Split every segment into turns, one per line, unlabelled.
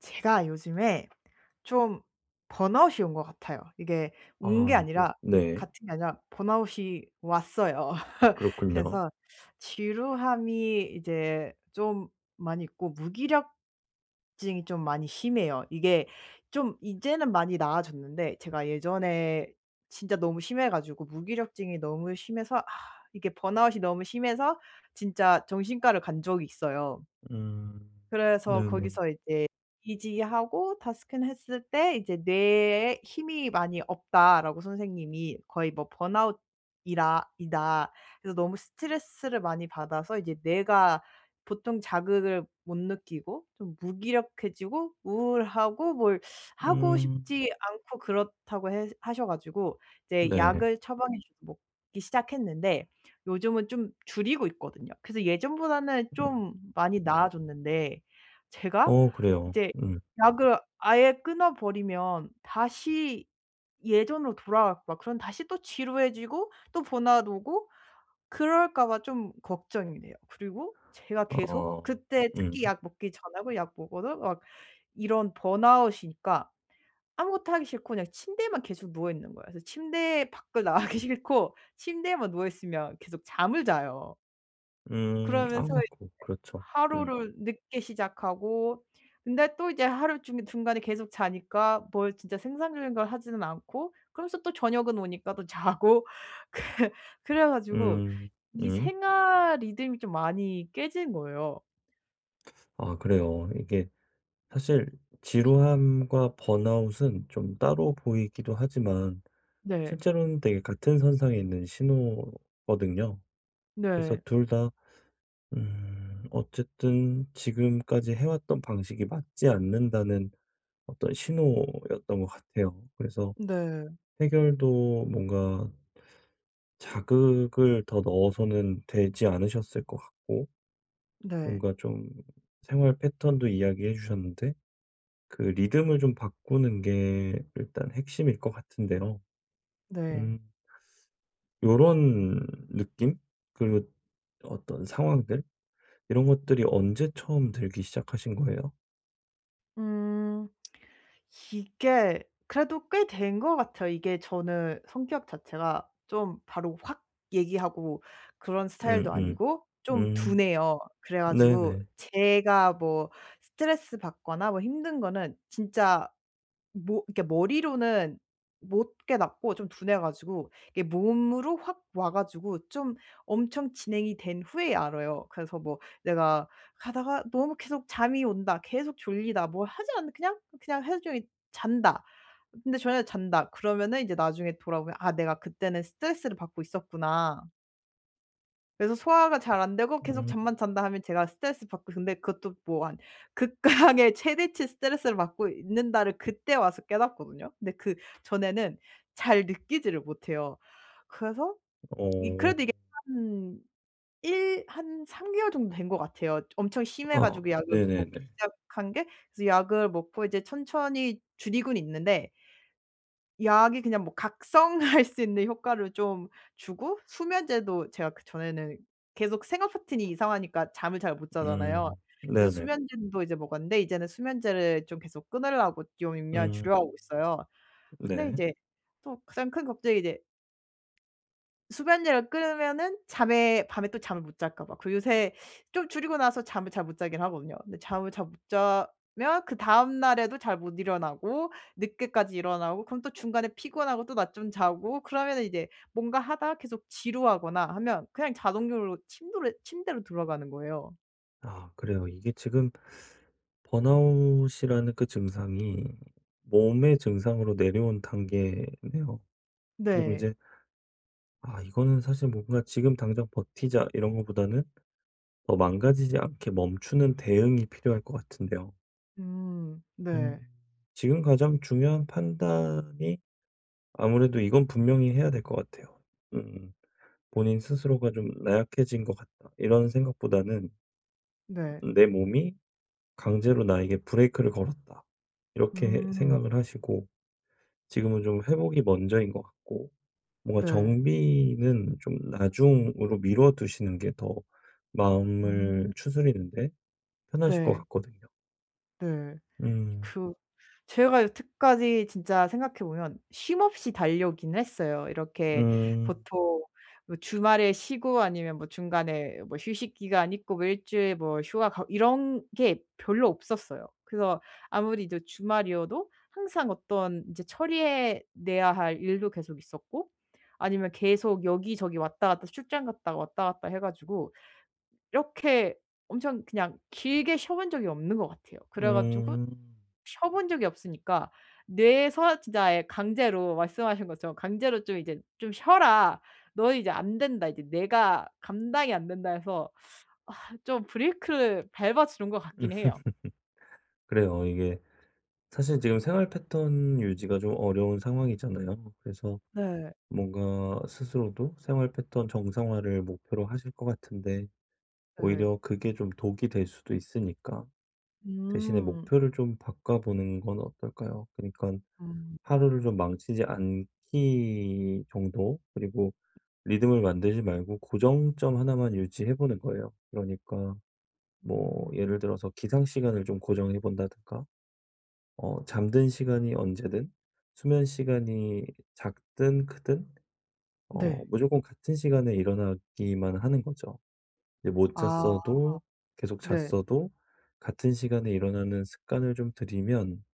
제가 요즘에 좀 번아웃이 온 것 같아요. 이게 온 게
아이고
아니라
네.
같은 게 아니라 번아웃이 왔어요.
그렇군요.
그래서 지루함이 이제 좀 많이 있고 무기력증이 좀 많이 심해요. 이게 좀 이제는 많이 나아졌는데 제가 예전에 진짜 너무 심해 가지고 무기력증이 너무 심해서 아 이게 번아웃이 너무 심해서 진짜 정신과를 간 적이 있어요.
음.
그래서
네네.
거기서 이제 EEG하고 DASS 큰 했을 때 이제 "뇌에 힘이 많이 없다."라고 선생님이 "거의 뭐 번아웃이라 이다." 그래서 너무 스트레스를 많이 받아서 이제 뇌가 보통 자극을 못 느끼고 좀 무기력해지고 우울하고 뭘 하고
음.
싶지 않고 그렇다고 해 하셔 가지고 이제
네.
약을 처방해 주고 먹기 시작했는데 요즘은 좀 줄이고 있거든요. 그래서 예전보다는
음.
좀 많이 나아졌는데 제가
어 그래요.
이제
음.
약을 아예 끊어 버리면 다시 예전으로 돌아가고 막 그럼 다시 또 지루해지고 또 번아웃 오고 그럴까 봐 좀 걱정이 돼요. 그리고 제가 계속
어
그때
음.
특히 약 먹기 전하고 약 먹어서 막 이런 번아웃이니까 아무것도 하기 싫고 그냥 침대에만 계속 누워 있는 거예요. 그래서 침대에 밖을 나가기 싫고 침대에만 누워 있으면 계속 잠을 자요.
음
그러면서 이제
[unintelligible] 그렇죠. 음.
하루를 늦게 시작하고 근데 또 이제 하루 중에 중간에 계속 자니까 뭘 진짜 생산적인 걸 하지는 않고 그러면서 또 저녁은 오니까 또 자고 그 그래 가지고
음.
이
음.
생활 리듬이 좀 많이 깨진 거예요.
아 그래요. 이게 사실 지루함과 번아웃은 좀 따로 보이기도 하지만
네.
실제로는 되게 같은 선상에 있는 신호거든요. 그래서
네.
2 다 음 어쨌든 지금까지 해왔던 방식이 맞지 않는다는 어떤 신호였던 것 같아요. 그래서
네.
해결도 뭔가 자극을 더 넣어서는 되지 않으셨을 것 같고
네.
뭔가 좀 생활 패턴도 이야기해 주셨는데 그 리듬을 좀 바꾸는 게 일단 핵심일 것 같은데요.
네.
음. 요런 느낌? 그리고 어떤 상황들? 이런 것들이 언제 처음 들기 시작하신 거예요?
음. 이게 그래도 꽤 된 것 같아요. 이게 저는 성격 자체가 좀 바로 확 얘기하고 그런 스타일도
음음.
아니고 좀
음.
둔해요. 그래 가지고
네네.
제가 뭐 스트레스 받거나 뭐 힘든 거는 진짜 뭐 이렇게 머리로는 못 깨닫고 좀 둔해 가지고 이게 몸으로 확 와 가지고 좀 엄청 진행이 된 후에야 알아요. 그래서 뭐 내가 가다가 너무 계속 잠이 온다 계속 졸리다 뭘 하지 않았는데 그냥 그냥 하루 종일 잔다 근데 저녁에 잔다 그러면은 이제 나중에 돌아보면 '아 내가 그때는 스트레스를 받고 있었구나.' 그래서 소화가 잘 안 되고 계속
음.
잠만 잔다 하면 제가 스트레스 받고 근데 그것도 뭐 한' 극강의 최대치 스트레스를 받고 있는다.'를 그때 와서 깨닫거든요? 근데 그 전에는 잘 느끼지를 못해요. 그래서 이
어.
그래도 이게 한 일 한 3 개월 정도 된 것 같아요. 엄청 심해
어
가지고 약을 먹기
네네네.
시작한 게 그래서 약을 먹고 이제 천천히 줄이곤 있는데 약이 그냥 뭐 각성할 수 있는 효과를 좀 주고 수면제도 제가 그 전에는 계속 생활패턴이 이상하니까 잠을 잘 못 자잖아요.
음
그래서
네네.
수면제도 이제 먹었는데 이제는 수면제를 좀 계속 끊으려고 좀 용량을
음.
줄여가고 있어요. 근데
네.
이제 또 가장 큰 걱정이 이제 수면약을 끊으면은 잠에 밤에 또 잠을 못 잘까 봐. 그리고 요새 좀 줄이고 나서 잠을 잘 못 자긴 하거든요. 근데 잠을 잘 못 자면 그다음 날에도 잘 못 일어나고 늦게까지 일어나고 그럼 또 중간에 피곤하고 또 낮잠 자고 그러면은 이제 뭔가 하다가 계속 지루하거나 하면 그냥 자동적으로 침도로 침대로 들어가는 거예요.
아 그래요. 이게 지금 번아웃이라는 그 증상이 몸의 증상으로 내려온 단계네요. 그리고
네.
이제 아 이거는 사실 뭔가 '지금 당장 버티자.' 이런 거보다는 더 망가지지 않게 멈추는 대응이 필요할 것 같은데요.
음
음.
네.
지금 가장 중요한 판단이 아무래도 이건 분명히 해야 될 것 같아요. 음 본인 스스로가 좀 '나약해진 것 같다.' 이런 생각보다는
네.
음 '내 몸이 강제로 나에게 브레이크를 걸었다.' 이렇게
음.
생각을 하시고 지금은 좀 회복이 먼저인 것 같고 뭔가
네.
정비는 좀 나중으로 미뤄 두시는 게 더 마음을
음.
추스리는데 편하실 것
네.
같거든요.
네.
음.
그 제가 여태까지 진짜 생각해 보면 쉼 없이 달려오긴 했어요. 이렇게
음.
보통 뭐 주말에 쉬고 아니면 뭐 중간에 뭐 휴식 기간 있고 뭐 1 주일 뭐 휴가 가고 이런 게 별로 없었어요. 그래서 아무리 이제 주말이어도 항상 어떤 이제 처리해 내야 할 일도 계속 있었고 아니면 계속 여기저기 왔다 갔다 출장 갔다 왔다 갔다 해 가지고 이렇게 엄청 그냥 길게 쉬어 본 적이 없는 것 같아요. 그래 가지고
음.
쉬어 본 적이 없으니까 뇌에서 진짜 예 강제로 말씀하신 것처럼 강제로 좀 이제 '좀 쉬어라. 너 이제 안된다. 이제 내가 감당이 안 된다.' 해서 아 좀 브레이크를 밟아 주는 것 같긴 해요.
그래요. 이게 사실 지금 생활 패턴 유지가 좀 어려운 상황이잖아요. 그래서
네.
뭔가 스스로도 생활 패턴 정상화를 목표로 하실 것 같은데
예.
오히려 그게 좀 독이 될 수도 있으니까 대신에
음.
목표를 좀 바꿔보는 건 어떨까요? 그니깐
음.
하루를 좀 망치지 않기 정도 그리고 리듬을 만들지 말고 고정점 1 만 유지해 보는 거예요. 그러니까 뭐
음.
예를 들어서 기상 시간을 좀 고정해 본다든가. 어 잠든 시간이 언제든 수면시간이 작든 크든 어
네.
무조건 같은 시간에 일어나기만 하는 거죠. 이 못
아
잤어도 계속
네.
잤어도 같은 시간에 일어나는 습관을 좀 들이면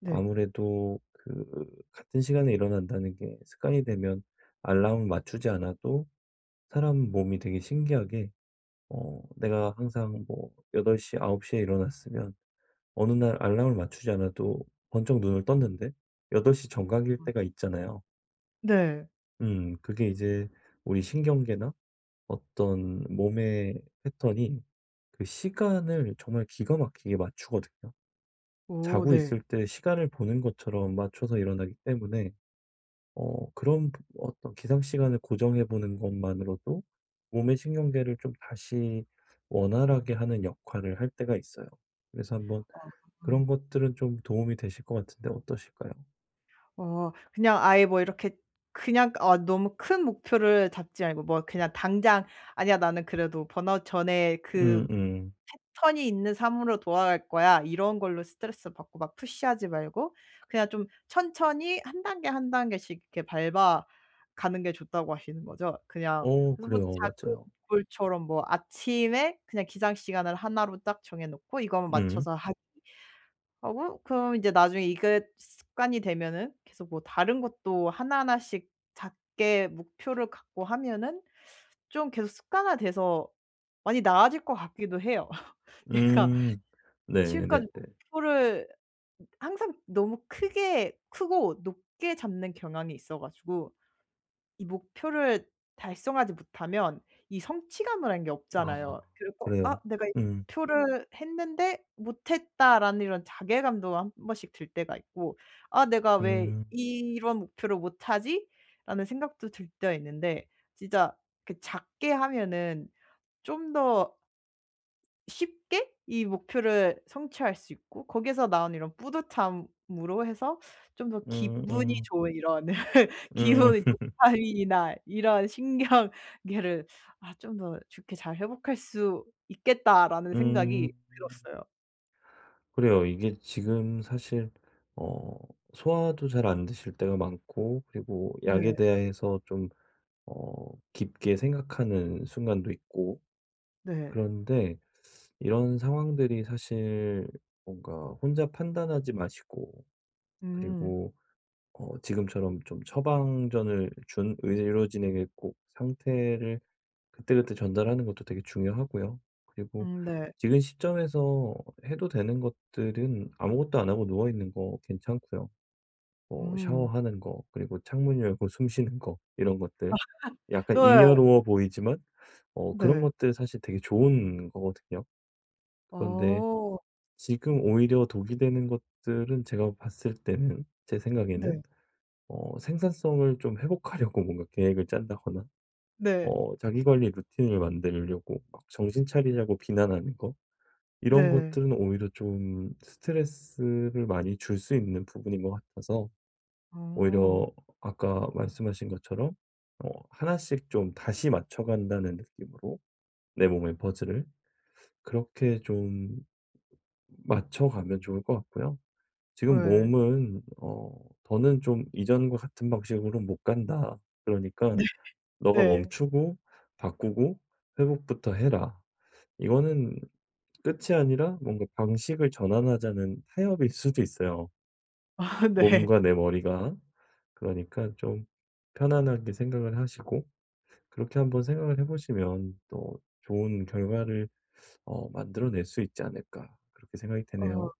네.
아무래도 그 같은 시간에 일어난다는 게 습관이 되면 알람을 맞추지 않아도 사람 몸이 되게 신기하게 어 내가 항상 뭐 8 시, 9 시에 일어났으면 어느 날 알람을 맞추지 않아도 번쩍 눈을 떴는데 8 시 정각일
어.
때가 있잖아요.
네.
음 그게 이제 우리 신경계나 어떤 몸의 패턴이 그 시간을 정말 기가 막히게 맞추거든요.
오
자고
네.
있을 때 시간을 보는 것처럼 맞춰서 일어나기 때문에 어 그런 부 어떤 기상 시간을 고정해 보는 것만으로도 몸의 신경계를 좀 다시 원활하게 하는 역할을 할 때가 있어요. 그래서 한번
아 음.
그런 것들은 좀 도움이 되실 것 같은데 어떠실까요?
어 그냥 아예 뭐 이렇게 그냥 어 너무 큰 목표를 잡지 말고 뭐 그냥 당장 '아니야. 나는 그래도 번아웃 전의 그
음음.
패턴이 있는 삶으로 돌아갈 거야.' 이런 걸로 스트레스 받고 막 푸시 하지 말고 그냥 좀 천천히 1 단계, 1 단계씩 이렇게 밟아 가는 게 좋다고 하시는 거죠 그냥.
어,
그래서 뭐
그래요.
작은
맞아요.
골 처럼 뭐 아침에 그냥 기상 시간을 1 로 딱 정해 놓고 이거만
음.
맞춰서 하기 하고 그러면 이제 나중에 이게 습관이 되면은 계속 뭐 다른 것도 하나하나씩 작게 목표를 갖고 하면은 좀 계속 습관화돼서 많이 나아질 것 같기도 해요. 제가
음. 네네네.
지금까지 목표를 항상 너무 크게 크고 높게 잡는 경향이 있어 가지고 이 목표를 달성하지 못하면 이 성취감이란 게
아.
없잖아요. 그래서 '아
그래요?
내가 이
음.
목표를 했는데 못했다.'라는 이런 자괴감도 한 번씩 들 때가 있고 '아 내가 왜
음.
이런 목표를 못 하지?'라는 생각도 들 때가 있는데. 진짜 그 작게 하면은 좀 더 쉽게 이 목표를 성취할 수 있고 거기에서 나오는 이런 뿌듯함으로 해서 좀 더 기분이
음음.
좋은 '이런
음.
기분이 도파민이나 이런 신경계를 아 좀 더 좋게 잘 회복할 수 있겠다.'라는 생각이
음.
들었어요.
그래요. 이게 지금 사실 어 소화도 잘 안 되실 때가 많고 그리고 약에
네.
대해서 좀 어 깊게 생각하는 순간도 있고.
네.
그런데 이런 상황들이 사실 뭔가 혼자 판단하지 마시고
음.
그리고 어 지금처럼 좀 처방전을 준 의료진에게 꼭 상태를 그때그때 전달하는 것도 되게 중요하고요. 그리고
음 네.
지금 시점에서 어 해도 되는 것들은 아무것도 안 하고 누워있는 거 괜찮고요. 어
음.
샤워하는 거, 그리고 창문 열고 숨 쉬는 거, 이런 것들 약간
네.
잉여로워 보이지만 어 그런
네.
것들 사실 되게 좋은 거거든요. 그런데
어.
지금 오히려 독이 되는 것들은 제가 봤을 때는 제
네.
생각에는 어 생산성을 좀 회복하려고 뭔가 계획을 짠다거나
네.
어 자기 관리 루틴을 만들려고 막 정신 차리라고 비난하는 거 이런
네.
것들은 오히려 좀 스트레스를 많이 줄 수 있는 부분인 것 같아서 오히려
어.
어 아까 말씀하신 것처럼 뭐 1 씩 좀 다시 맞춰간다는 느낌으로 내 몸의 퍼즐을 그렇게 좀 맞춰가면 좋을 것 같고요. 지금
예.
몸은 어 '더는 좀 이전과 같은 방식으로는 못 간다. 그러니까
네.
네가
네.
멈추고 바꾸고 회복부터 해라.' 이거는 끝이 아니라 뭔가 방식을 전환하자는 타협일 수도 있어요.
아 네.
몸과 내 머리가. 그러니까 좀 편안하게 생각을 하시고. 그렇게 한번 생각을 해 보시면 또 '좋은 결과를 어 만들어 낼 수 있지 않을까.' 그렇게 생각이
어
되네요.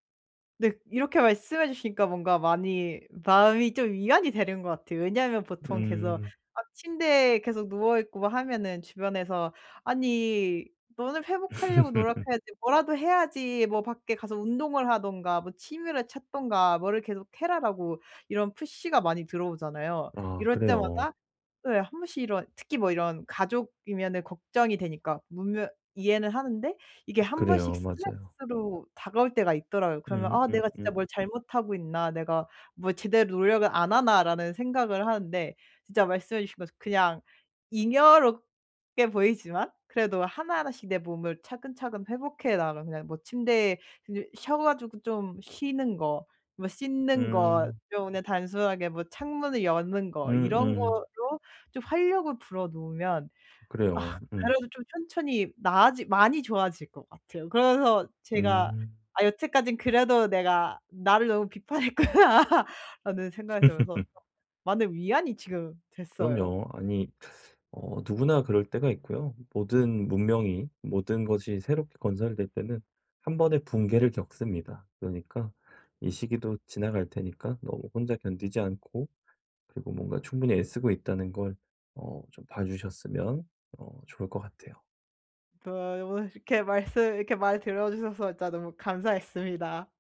네, 이렇게 말씀해 주시니까 뭔가 많이 마음이 좀 위안이 되는 것 같아요. 왜냐하면 보통 계속
음.
막 침대에 계속 누워 있고 막 하면은 주변에서 "아니 너는 회복하려고 노력해야지. 뭐라도 해야지. 뭐 밖에 가서 운동을 하든가 뭐 취미를 찾든가 뭐를 계속 해라.'라고 이런 푸시가 많이 들어오잖아요.
아
이럴
그래요.
때마다 예 1 번씩 이런 특히 뭐 이런 가족이면은 걱정이 되니까 분명 이해는 하는데 이게 1 번씩
그래요. 맞아요.
스트레스로 다가올 때가 있더라고요. 그러면 '아 내가 진짜
음음음.
뭘 잘못하고 있나. 내가 뭘 제대로 노력을 안 하나.'라는 생각을 하는데 진짜 말씀해 주신 것처럼 그냥 잉여롭게 보이지만 그래도 하나하나씩 내 몸을 차근차근 회복해 나가면 그냥 뭐 침대에 그 쉬어 가지고 좀 쉬는 거, 뭐 씻는 것
음.
좀 그냥 단순하게 뭐 창문을 여는 거 이런
음음.
거로 좀 활력을 불어 넣으면 아
그래요. 음.
그래도 좀 천천히 나아지 많이 좋아질 것 같아요. 그러면서 제가
음.
아 여태까진 그래도 내가 '나를 너무 비판했구나. '라는 생각이 들면서 많은 위안이 지금 됐어요.
그럼요. 아니 어 누구나 그럴 때가 있고요. 모든 문명이 모든 것이 새롭게 건설이 될 때는 1 번의 붕괴를 겪습니다. 그러니까 이 시기도 지나갈 테니까 너무 혼자 견디지 않고 그리고 뭔가 충분히 애쓰고 있다는 걸 어 좀 봐 주셨으면 어 좋을 것 같아요.
[unintelligible] 말씀 이렇게 말 들어주셔서 진짜 너무 감사했습니다.